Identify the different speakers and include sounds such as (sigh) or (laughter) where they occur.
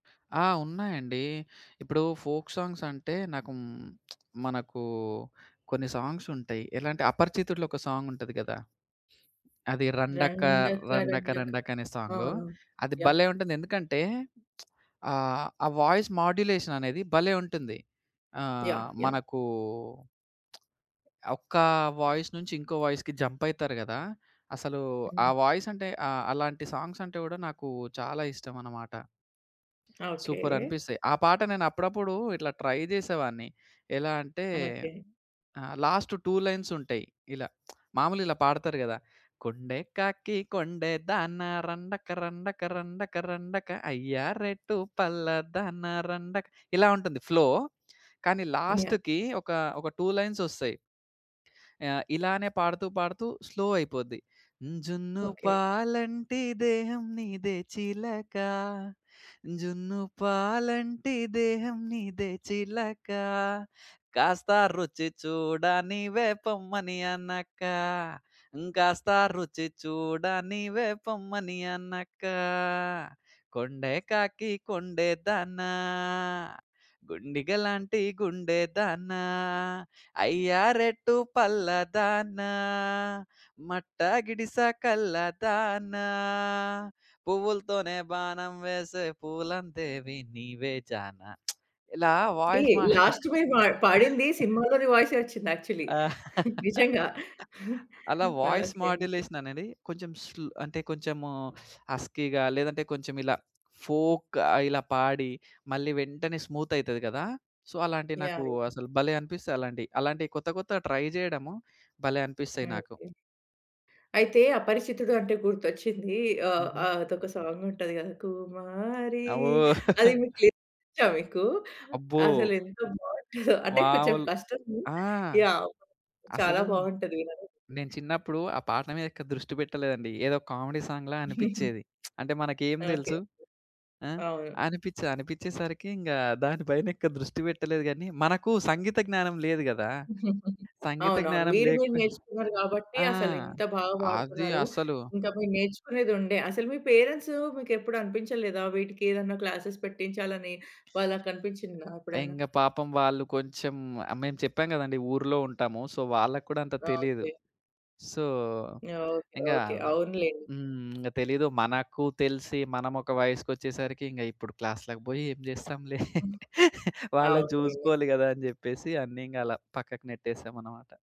Speaker 1: ఆ! ఉన్నాయండి. ఇప్పుడు ఫోల్క్ సాంగ్స్ అంటే నాకు (smacks lips) హ్మ్, మనకు కొన్ని సాంగ్సుంటయి. ఎలా అంటే అపరిచితుడులో ఒక సాంగుంటది గదా! అది రండక్క
Speaker 2: రండక
Speaker 1: రండక,
Speaker 2: రండక
Speaker 1: రండక అనే సాంగు.
Speaker 2: అవును.
Speaker 1: అది
Speaker 2: యాహ్!
Speaker 1: భలే ఉంటుంది. ఎందుకంటే (smacks lips) ఆహ్, ఆ వాయిస్ మాడ్యులేషన్ అనేది భలే! ఉంటుంది.
Speaker 2: యాహ్!
Speaker 1: ఆహ్,
Speaker 2: యాహ్!
Speaker 1: మనకూ (smacks lips) ఒక్కా వాయిస్ నుంచి ఇంకో వాయిస్‌కి జంప్ అయితారు గదా! అసలు ఆ
Speaker 2: హ్మ్.
Speaker 1: వాయిసంటే ఆ అలాంటి సాంగ్సంటే గూడా నాకూ చాలా ఇష్టమనమాట.
Speaker 2: ఓకే.
Speaker 1: సూపరనిపిస్తాయి. ఆ పాట నేనప్పుడప్పుడు ఇట్లా ట్రై జేసేవాడిని. ఎలా అంటే
Speaker 2: ఓకే.
Speaker 1: ఆహ్, లాస్ట్ 2 లైన్స్ ఉంటయి ఇలా. (smacks lips) మాములుగా ఇలా పాడతారు గదా! కొండే కాకి కొండేదాన రండక రండక రండక రండక అయ్యా రేటు పల్లాదాన రండక ఇలా ఉంటుంది ఫ్లో. కానీ
Speaker 2: యాహ్!
Speaker 1: లాస్ట్‌కి ఒక, ఒక 2 లైన్సొస్తయి. ఆహ్, ఇలానే పాడుతూ పాడుతూ స్లో అయిపోద్ది.
Speaker 2: ఓకే.
Speaker 1: జున్నుపాలంటి దేహం నీదే చిలక, జున్నుపాలంటి దేహం నీదే చిలక, కాస్త రుచి చూడ నీవే పొమ్మని అనక, కాస్త రుచి చూడ నీవే పొమ్మని అనక, కొండే కాకి కొండే దానా, గుండిగలాంటి గుండే దానా, అయ్యా! రేటు పల్లాదానా, మట్టా గిడిస కల్లాదానా, పువ్వులతోనే బాణం వేసే పూలందేవి నీవే జానా (smacks lips) ఇలా
Speaker 2: ఏ!
Speaker 1: వాయిస్ మా
Speaker 2: లాస్ట్ మీరు పాడ్ పాడింది
Speaker 1: (chuckles)
Speaker 2: సినిమాలోని వాయిసే ఒచ్చింది యాక్చువల్లీ
Speaker 1: ఆ!
Speaker 2: (chuckles)
Speaker 1: (laughs)
Speaker 2: నిజంగా (chuckles)
Speaker 1: అలా వాయిస్
Speaker 2: ఓకే. ఓకే.
Speaker 1: మాడ్యులేషన్ అనేది కొంచెం స్లో అంటే కొంచెము హస్కీగా లేదంటే కొంచెం ఇలా ఫోల్క్‌గా ఇలా పాడి, మళ్ళీ వెంటనే స్మూత్ అయితది గదా! సో, అలాంటియి
Speaker 2: యాయ్!
Speaker 1: నాకూ
Speaker 2: యాయ్!
Speaker 1: అసలు భలే అనిపిస్తాయి అలాంటియి. అలాంటియి కొత్త, కొత్తగ ట్రై జేయడము భలే అనిపిస్తయి నాకు.
Speaker 2: ఓకే. అయితే అపరిచితుడు అంటే గుర్తొచ్చింది. ఆహ్,
Speaker 1: హుహు.
Speaker 2: ఆహ్, అదొక సాంగుంటది గదా! కుమారి
Speaker 1: అబ్బో!
Speaker 2: అది
Speaker 1: (chuckles)
Speaker 2: మీకు లిరిక్స్ ఒచ్చా మీకు?
Speaker 1: అబ్బో!
Speaker 2: అసలెంత బావుంటదో (chuckles) అంటే కొంచెం
Speaker 1: మావూలు
Speaker 2: కష్టము.
Speaker 1: ఆ!
Speaker 2: యాహ్! చాలా
Speaker 1: అసలు
Speaker 2: బావుంటది వినటానికి.
Speaker 1: నేను చిన్నప్పుడు ఆ పాట మీదెక్కువ దృష్టి బెట్టలేదండి. ఏదో కామెడీ సాంగ్‌లా
Speaker 2: (giggles)
Speaker 1: అనిపిచ్చేది. (smacks lips) అంటే మనకేం
Speaker 2: ఓకేకే.
Speaker 1: దెలుసు? ఆ!
Speaker 2: అవును.
Speaker 1: అనిపిచ్చేది. అనిపిచ్చే సరికి ఇంగా దాని పైన ఎక్కువ దృష్టి వెట్టలేదు గని మనకు సంగీత జ్ఞానం లేదు గదా!
Speaker 2: (giggles)
Speaker 1: సంగీత
Speaker 2: అవునవును.
Speaker 1: జ్ఞానం
Speaker 2: మీరు గూడ
Speaker 1: లేకపోయి
Speaker 2: నేర్చుకున్నారు గాబట్టి
Speaker 1: ఆ!
Speaker 2: అసలింత బాగా
Speaker 1: అది
Speaker 2: బాడుతున్నారు.
Speaker 1: అసలు
Speaker 2: ఇంకా మీరు నేర్చుకునేదుండే. అసలు మీ పేరెంట్స్ మీకెప్పుడు అనిపించలేదా? వీటికేదన్నా క్లాసెస్ పెట్టించాలని. వాళ్ళకనిపించిందా ఎప్పుడన్నా?
Speaker 1: ఇంగ పాపం వాళ్ళు కొంచెం ఆహ్, మేము చెప్పాం గదండీ, ఊర్లో ఉంటాము. సో, వాళ్ళకి కూడా అంత తెలీదు.
Speaker 2: ఓకే.
Speaker 1: So,
Speaker 2: okay.
Speaker 1: ఇంగా
Speaker 2: ఓకే.
Speaker 1: అదో
Speaker 2: అవునులెండి.
Speaker 1: హ్మ్. ఇంగ తెలీదు. మనకు తెలిసి మనమొక వయసుకొచ్చేసరికి ఇంగ ఇప్పుడు క్లాస్‌లకి బోయి ఏం జేస్తాంలే. (chuckles) వాళ్ళని
Speaker 2: అవులెండి.
Speaker 1: జూసుకోవాలి గదా! అని జెప్పేసి అన్నీ ఇంగలా పక్కకు నెట్టేసామనమాట.